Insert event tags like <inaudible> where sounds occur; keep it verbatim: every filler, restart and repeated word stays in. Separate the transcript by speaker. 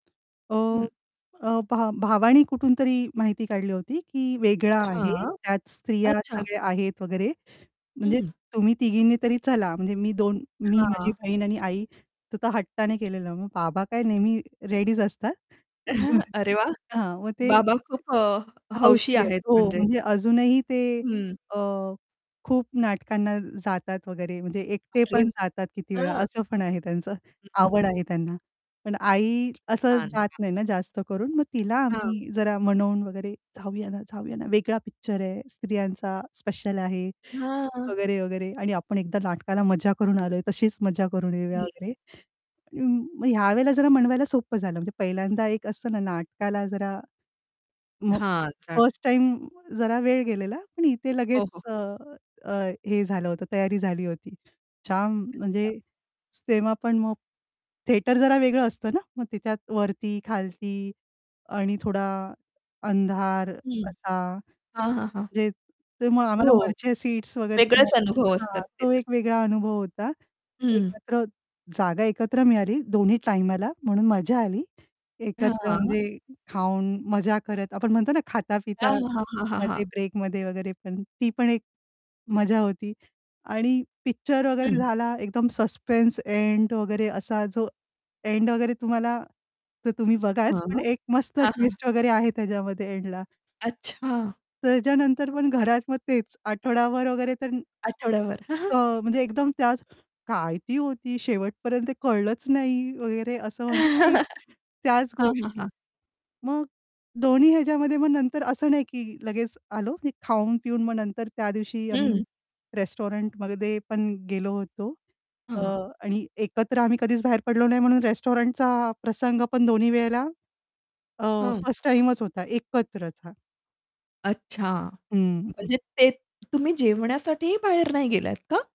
Speaker 1: अ,
Speaker 2: हं.
Speaker 1: अ, भा भावानी कुठूनतरी माहिती काढली होती, की वेगळा आहे,
Speaker 2: हां,
Speaker 1: त्यात स्त्रिया
Speaker 2: अच्छा.
Speaker 1: सगळ्या आहेत वगैरे. म्हणजे
Speaker 2: हं.
Speaker 1: तुम्ही तिघींनी तरी चला. म्हणजे मी दोन मी, माझी
Speaker 2: हां.
Speaker 1: बहीण आणि आई. तो हट्टाने केलेलं. मग बाबा काय नेहमी रेडीच असतात.
Speaker 2: <chuckles>
Speaker 1: <chuckles>
Speaker 2: अरे वाह!
Speaker 1: हां, मग ते
Speaker 2: बाबा अ, खूप अ, हौशी अ,
Speaker 1: हौशी आहेत.
Speaker 2: आहेत
Speaker 1: हो,
Speaker 2: म्हणजे.
Speaker 1: म्हणजे अजूनही ते
Speaker 2: हं.
Speaker 1: अ, खूप नाटकांना जातात वगैरे. म्हणजे एकटे
Speaker 2: अरे
Speaker 1: पण जातात. किती वेळा
Speaker 2: हां.
Speaker 1: असं पण आहे. त्यांना पण
Speaker 2: हं, हं,
Speaker 1: आवड
Speaker 2: हं.
Speaker 1: आहे त्यांना. पण आई असं
Speaker 2: छान,
Speaker 1: जात
Speaker 2: छा
Speaker 1: नाही ना, जास्त करून. मग तिला
Speaker 2: हां.
Speaker 1: आम्ही जरा मनवून वगैरे, "जाऊया ना, जाऊया ना. वेगळा पिक्चर आहे. स्त्रियांचा स्पेशल आहे
Speaker 2: हां, हां.
Speaker 1: वगैरे, वगैरे आणि आपण एकदा नाटकाला मज्जा करून आलोय, तशीच मज्जा करून येऊया,"
Speaker 2: हं.
Speaker 1: वगैरे. मग यावेळेला जरा म्हणवायला सोपं झालं. म्हणजे पहिल्यांदा एक असतं ना, नाटकाला जरा मग
Speaker 2: हां. चन
Speaker 1: फर्स्ट टाईम जरा वेळ गेलेला, पण इथे
Speaker 2: हो, हो,
Speaker 1: लगेच अ,
Speaker 2: हो.
Speaker 1: अ, हे झालं होतं. तयारी झाली होती. जाम, म्हणजे
Speaker 2: अच्छा.
Speaker 1: तेव्हा पण मग थिएटर जरा वेगळं असतं ना, मग तिच्यात वरती, खालती आणि थोडा अंधार
Speaker 2: हं.
Speaker 1: असा.
Speaker 2: हां, हां, हां.
Speaker 1: म्हणजे ते मग आम्हाला
Speaker 2: हो.
Speaker 1: वरच्या सीट्स वगैरे
Speaker 2: वेगळेच
Speaker 1: मिळाले.
Speaker 2: अनुभव
Speaker 1: हां,
Speaker 2: असतात ते
Speaker 1: तो
Speaker 2: तर.
Speaker 1: एक वेगळा अनुभव होता.
Speaker 2: हं.
Speaker 1: एकत्र जागा एकत्र मिळाली दोन्ही टाईमला म्हणून मज्जा आली. एकत्र
Speaker 2: हां.
Speaker 1: म्हणजे खाऊन, मजा करत आपण म्हणतो ना,
Speaker 2: हां, हां, हां, हां, हां.
Speaker 1: खाता-पितामध्ये ब्रेकमध्ये वगैरे, पण ती पण एक मजा होती. आणि पिक्चर वगैरे
Speaker 2: हं.
Speaker 1: झाला एकदम सस्पेन्स एंड वगैरे. असा जो एंड वगैरे तुम्हाला तर तुम्ही
Speaker 2: हां.
Speaker 1: बघाच, पण एक मस्त
Speaker 2: हां, हां.
Speaker 1: ट्विस्ट वगैरे आहे त्याच्यामध्ये एंडला.
Speaker 2: अच्छा.
Speaker 1: त्याच्यानंतर पण घरात मग तेच आठवडाभर वगैरे तर
Speaker 2: आठवड्याभर. <chuckles>
Speaker 1: अ, म्हणजे एकदम त्याच "काय ती होती शेवटपर्यंत ते कळलंच नाही," वगैरे असं म्हणतो ना. एक,
Speaker 2: <chuckles>
Speaker 1: त्याच
Speaker 2: हां, हां,
Speaker 1: गोष्टी.
Speaker 2: हां.
Speaker 1: मग दोन्ही ह्याच्यामध्ये मग नंतर असं नाही, की लगेच आलो, की खाऊन-पिऊन मग नंतर त्या दिवशी
Speaker 2: हं.
Speaker 1: आम्ही रेस्टॉरंटमध्ये पण गेलो होतो. अ,
Speaker 2: हां.
Speaker 1: आणि एकत्र आम्ही कधीच बाहेर पडलो नाही, म्हणून रेस्टॉरंटचा प्रसंग पण दोन्ही वेळेला अ,
Speaker 2: हं.
Speaker 1: फर्स्ट टाईमच होता एकत्रच. हां.
Speaker 2: अच्छा.
Speaker 1: हं.
Speaker 2: म्हणजे ते तुम्ही जेवण्यासाठीही बाहेर नाही गेलात का?